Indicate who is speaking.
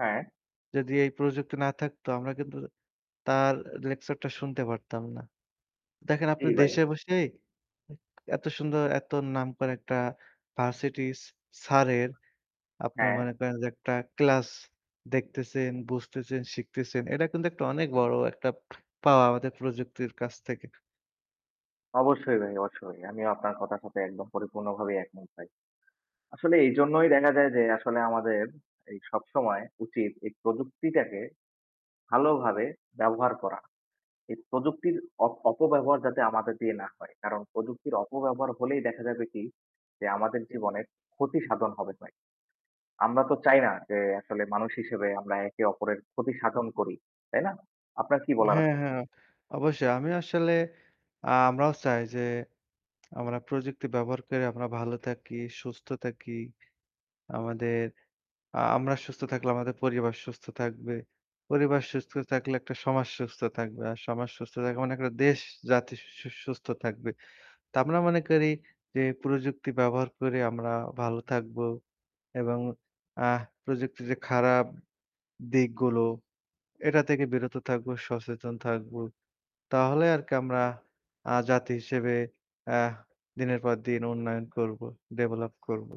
Speaker 1: হ্যাঁ।
Speaker 2: যদি এই প্রযুক্তি না থাকতো আমরা কিন্তু তার লেকচারটা শুনতে পারতাম না। দেখেন আপনি
Speaker 1: জ্বী ভাই।
Speaker 2: দেশে বসেই এত সুন্দর, এত নাম করা একটা ভার্সিটিস স স্যারের আপনি
Speaker 1: হ্যাঁ।
Speaker 2: মনে করেন যে একটা ক্লাস দেখতেছেন, বুঝতেছেন, শিখতেছেন। এটা কিন্তু একটা অনেক বড় একটা পাওয়া আমাদের প্রযুক্তির কাছ থেকে।
Speaker 1: অবশ্যই ভাই, অবশ্যই। আমিও আপনার কথার সাথে একদম পরিপূর্ণভাবে একমত ভাই। আসলে এইজন্যই দেখা যায় যে আসলে আমাদের, এই সবসময় উচিত এই প্রযুক্তিটাকে ভালোভাবে ব্যবহার করা। এই প্রযুক্তির অপ অপব্যবহার যাতে আমাদের দিয়ে না হয়। কারণ প্রযুক্তির অপব্যবহার হলেই দেখা যাবে কি, যে আমাদের জীবনে ক্ষতিসাধন হবে ভাই। আমরা তো চাই না যে আসলে মানুষ হিসেবে আমরা একে অপরের ক্ষতি সাধন করি। তাই না? আপনার কি বলার
Speaker 2: হ্যাঁ,
Speaker 1: আছে?
Speaker 2: হ্যাঁ। অবশ্যই আমি আসলে আ আমরাও চাই যে আমরা প্রযুক্তি ব্যবহার কইরা আমরা ভালো থাকি, সুস্থ থাকি। আমাদের আ আমরা সুস্থ থাকলে আমাদের পরিবার সুস্থ থাকবে। পরিবার সুস্থ থাকলে একটা সমাজ সুস্থ থাকবে। আর সমাজ সুস্থ থাকা মানে একটা দেশ, জাতি সু সুস্থ থাকবে। তো আমরা মনে করি যে প্রযুক্তি ব্যবহার করে আমরা ভালো থাকবো। এবং আ প্রযুক্তির যে খারাপ দিকগুলো এটা থেকে বিরত থাকব, সচেতন থাকব। তাহলে আর কি আমরা আ জাতি হিসেবে আহ দিনের পর দিন উন্নয়ন করব। ডেভেলপ করব।